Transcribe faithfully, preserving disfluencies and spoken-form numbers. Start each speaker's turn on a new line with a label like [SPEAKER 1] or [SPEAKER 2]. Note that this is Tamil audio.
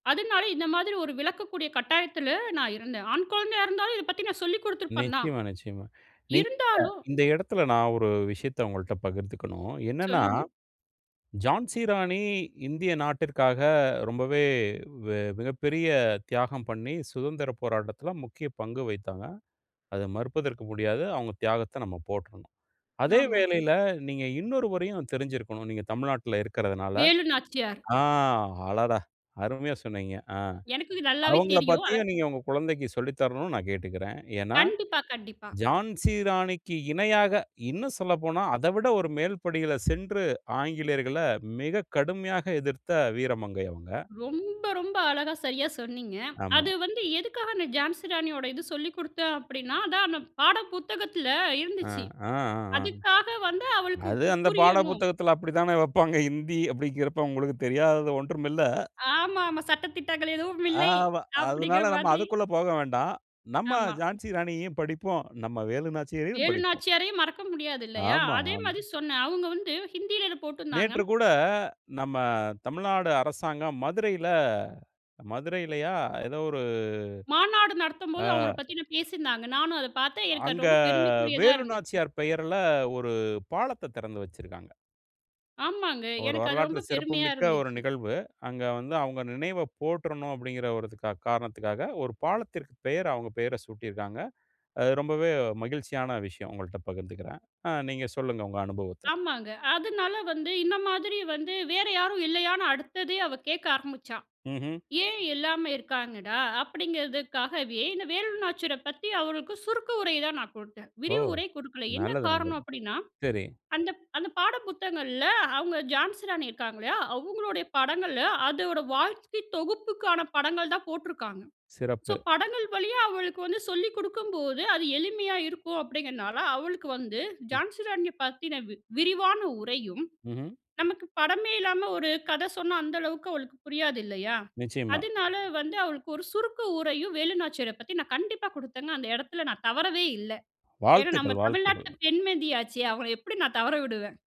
[SPEAKER 1] அதனால இந்த மாதிரி ஒரு விளக்கக்கூடிய கட்டாயத்தில நான் இருந்தேன். ஆண் கொழந்தையா இருந்தாலும் இத பத்தி நான் சொல்லிக் குடுத்துருப்பேன் தான்.
[SPEAKER 2] நிச்சயமா, நிச்சயமா. நீங்க
[SPEAKER 1] இருந்தாலும்
[SPEAKER 2] இந்த எடத்தில, நான் ஒரு விஷயத்த ஒங்கள்ட்ட பகிர்ந்துக்கணும். என்னன்னா,
[SPEAKER 1] சொல்லுங்க.
[SPEAKER 2] ஜான்சி ராணி இந்திய நாட்டிற்காக ரொம்பவே வெ மிகப்பெரிய தியாகம் பண்ணி, சுதந்திரப் போராட்டத்தில முக்கிய பங்கு வகித்தாங்க. அத மறுப்பதற்கு முடியாது. அவங்க தியாகத்த நாம போற்றணும். அதே
[SPEAKER 1] ஆமா.
[SPEAKER 2] வேளையில, நீங்க இன்னொருவரையும் தெரிஞ்சிருக்கணும். நீங்க தமிழ்நாட்டில இருக்குறதனால
[SPEAKER 1] வேலுநாச்சியார்.
[SPEAKER 2] ஆ அடடா! அருமையா சொன்னீங்க. அ.
[SPEAKER 1] எனக்கு இது நல்லாவே
[SPEAKER 2] அவங்கள
[SPEAKER 1] தெரியும். அ
[SPEAKER 2] பத்தியும், நீங்க உங்க குழந்தைக்கு சொல்லி தரணும்னு நான் கேட்டுக்கிறேன். ஏன்னா,
[SPEAKER 1] கண்டிப்பா, கண்டிப்பா.
[SPEAKER 2] ஜான்சி ராணிக்கு இணையாக இன்னும் சொல்லப்போனா, அதைவிட ஒரு மேல்படியில சென்று ஆங்கிலேயர்கள மிக கடுமையாக எதிர்த்த வீரமங்கை, அவுங்க.
[SPEAKER 1] ரொம்ப, ரொம்ப அழகா, சரியா சொன்னீங்க.
[SPEAKER 2] ஆமா.
[SPEAKER 1] அது வந்து எதுக்காக அந்த ஜான்சி ராணியோட இது சொல்லிக் குடுத்தேன். அப்டின்னா, அதான் அந்த பாட புத்தகத்தில
[SPEAKER 2] ஆ.
[SPEAKER 1] இருந்துச்சு.
[SPEAKER 2] ஆ, ஆ, ஆ.
[SPEAKER 1] அதுக்காக வந்து அவளுக்கு
[SPEAKER 2] அது
[SPEAKER 1] கு
[SPEAKER 2] அந்த பாட
[SPEAKER 1] புரியணும்.
[SPEAKER 2] புத்தகத்தில அப்படித்தான வப்பாங்க. ஹிந்தி அப்டின்கிறப்ப உங்களுக்கு தெரியாதது ஒன்றும் இல்ல.
[SPEAKER 1] ஆமாமா. சட்ட திட்டங்கள் எதுவும் இல்லை
[SPEAKER 2] ஆமா. அதனால
[SPEAKER 1] அப்படிங்கிற
[SPEAKER 2] நாம
[SPEAKER 1] மாதிரி.
[SPEAKER 2] அதுக்குள்ள போக வேண்டாம். நம்ம
[SPEAKER 1] ஆமா.
[SPEAKER 2] ஜான்சி ராணியையும் படிப்போம். நம்ம வேலுநாச்சியாரையும்
[SPEAKER 1] வேலு
[SPEAKER 2] படிப்போம்.
[SPEAKER 1] நாச்சியாரையும் மறக்க முடியாது, இல்லையா?
[SPEAKER 2] ஆமா,
[SPEAKER 1] அதே
[SPEAKER 2] ஆமா.
[SPEAKER 1] மாதி சொன்னேன். அவுங்க வந்து ஹிந்தியில இது போட்டிருந்தாங்க.
[SPEAKER 2] நேற்று கூட நம்ம தமிழ்நாடு அரசாங்கம் மதுரையில மதுரையிலயா? ஏதோ ஒரு
[SPEAKER 1] மாநாடு
[SPEAKER 2] ஆ.
[SPEAKER 1] நடத்தும்போது, அவங்கள பத்தின்னா பேசியிருந்தாங்க. நானும் அத பார்த்தேன். எனக்கு அது
[SPEAKER 2] அங்க
[SPEAKER 1] ரொம்ப பெருமைக்குரியதா இருந்துச்சு.
[SPEAKER 2] வேலுநாச்சியார் பெயர்ல ஒரு பாலத்த திறந்து வச்சிருக்காங்க.
[SPEAKER 1] ஆமாங்க.
[SPEAKER 2] ஒரு
[SPEAKER 1] எனக்கு அது
[SPEAKER 2] வரலாற்றில
[SPEAKER 1] ரொம்ப
[SPEAKER 2] சிறப்பு
[SPEAKER 1] பெருமையா
[SPEAKER 2] மிக்க ஒரு
[SPEAKER 1] இருந்துச்சு.
[SPEAKER 2] நிகழ்வு. அங்க வந்து அவங்க நினைவை போற்றணும். அப்டின்கிற ஒரு த காரணத்திற்காக ஒரு பாலத்திற்கு பெயர், அவங்க பெயர சூட்டியிருக்காங்க. அது ரொம்பவே மகிழ்ச்சியான விஷயம். உங்கள்ட்ட பகிர்ந்துக்கிறேன். அ நீங்க சொல்லுங்க, உங்க அனுபவத்த.
[SPEAKER 1] ஆமாங்க. அதனால வந்து இன்ன மாதிரி வந்து வேற யாரும் இல்லையான்னு, அடுத்ததே அவ கேட்க ஆரம்பிச்சா.
[SPEAKER 2] ம்ஹ்ம்.
[SPEAKER 1] ஏன்? எல்லாமே இருக்காங்கடா அப்படிங்கிறதுக்காகவே இந்த வேலுநாச்சியார பத்தி, அவளுக்கு சுருக்கு உரை தான் நான் கொடுத்தேன்.
[SPEAKER 2] ஓ!
[SPEAKER 1] விரிவுரை கொடுக்கல. என்ன
[SPEAKER 2] நல்லது,
[SPEAKER 1] காரணம்
[SPEAKER 2] நல்லது.
[SPEAKER 1] அப்படின்னா,
[SPEAKER 2] சரி.
[SPEAKER 1] அந்த அந்த பாட புத்தகங்கள்ல அவங்க, ஜான்சி ராணி இருக்காங்க. இல்லையா? அவங்களுடைய படங்களும், அதோட வாழ்க்கை தொகுப்புக்கான படங்கள் தான் போட்டுருக்காங்க. ஸோ
[SPEAKER 2] சிறப்பு.
[SPEAKER 1] படங்கள் வழியா அவளுக்கு வந்து சொல்லிக் குடுக்கும்போது, அது எளிமையா இருக்கும். அப்படிங்கிறதுனால, அவளுக்கு வந்து
[SPEAKER 2] ம்.
[SPEAKER 1] ஜான்சிராணிய பத்தின வி விரிவான உரையும்,
[SPEAKER 2] ம்ஹ்ம்.
[SPEAKER 1] நமக்கு படமே இல்லாம ஒரு கதை சொன்னா, அந்த அளவுக்கு அவளுக்கு புரியாது இல்லையா?
[SPEAKER 2] நிச்சயமா.
[SPEAKER 1] அதனால வந்து அவளுக்கு ஒரு சுருக்க உரையும், வேலுநாச்சியர பத்தி நான் கண்டிப்பா குடுத்தேங்க. அந்த எடத்துல நான் தவறவே இல்ல. ஏன்னா, நம்ம
[SPEAKER 2] வாழ்த்துக்கள்! வாழ்த்துக்கள்!
[SPEAKER 1] தமிழ்நாட்டில பெண் மதியாச்சே. அவங்கள எப்டி நான் தவற விடுவேன்?